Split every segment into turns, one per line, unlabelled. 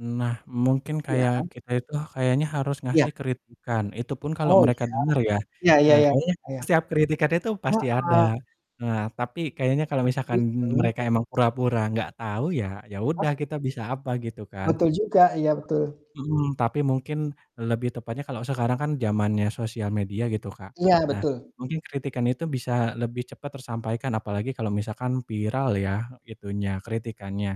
Nah mungkin
Iya.
kayak kita itu kayaknya harus
Iya.
ngasih kritikan, itu pun kalau
Oh
mereka
iya.
denger ya.
Iya iya
Eee,
iya,
kayaknya
Kak, ya.
setiap kritikan itu pasti ada.
Heeh.
Nah tapi kayaknya kalau misalkan
Bit daun.
mereka emang pura-pura nggak tahu ya, ya
Oh.
udah kita bisa apa gitu kan.
Betul juga, iya betul.
Mhm, tapi mungkin lebih tepatnya kalau sekarang kan zamannya sosial media gitu Kak.
Iya
Nah
betul.
mungkin kritikan itu bisa lebih cepat tersampaikan apalagi kalau misalkan viral ya, itunya, kritikannya.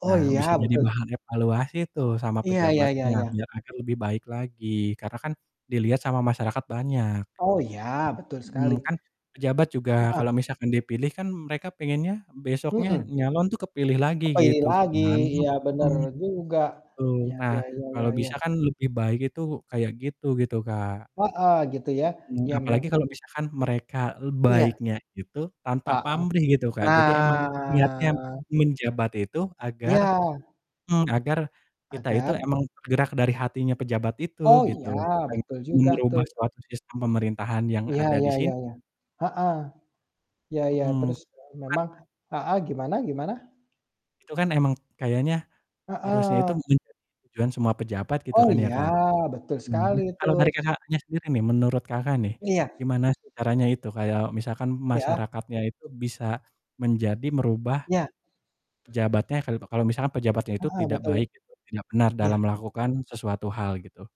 Oh
Nah bisa
iya
jadi
betul.
bahan evaluasi tuh sama
Iya iya iya
pejabatnya,
iya.
ya agar lebih baik lagi karena kan dilihat sama masyarakat banyak
Oh iya betul sekali.
Mmm, kan pejabat juga
Heeh.
kalau misalkan dipilih kan mereka pengennya besoknya
Mhm.
nyalon tuh kepilih lagi
Kepilih
gitu
lagi,
kan.
iya bener
Mhm.
juga.
Betul,
Iya
nah
iya iya iya
kalau
iya.
bisa kan lebih baik itu kayak gitu gitu Kak.
Heeh, gitu ya.
Mhm,
Ya mem
apalagi kalau misalkan mereka, eee,
Iya.
baiknya itu tanpa
Heeh.
pamrih gitu Kak jadi emang niatnya
Nah.
menjabat itu agar
Iya.
mmm, agar kita itu
Agar?
emang bergerak dari hatinya pejabat itu
Oh
gitu,
iya
pengen
betul juga
merubah
tuh.
suatu sistem pemerintahan yang
Iya
ada di
iya
sin
iya iya. Heeh. Iya iya,
Mhm.
terus, eee,
Bukanlah
memang heeh gimana gimana?
itu kan emang kayaknya harusnya itu
Heeh.
menjadi tujuan semua pejabat gitu
Oh
kan ya
ya,
Kak.
betul
Mhm,
sekali
kalau dari
itu.
Kakaknya sendiri nih menurut Kakak nih,
Iya.
gimana sih caranya itu kayak misalkan
Iya.
masyarakatnya itu bisa menjadi merubah
Iya.
pejabatnya kalu kalau misalkan pejabatnya itu
Heeh,
tidak
betul.
baik, gitu tidak benar dalam
Iya.
melakukan sesuatu hal gitu?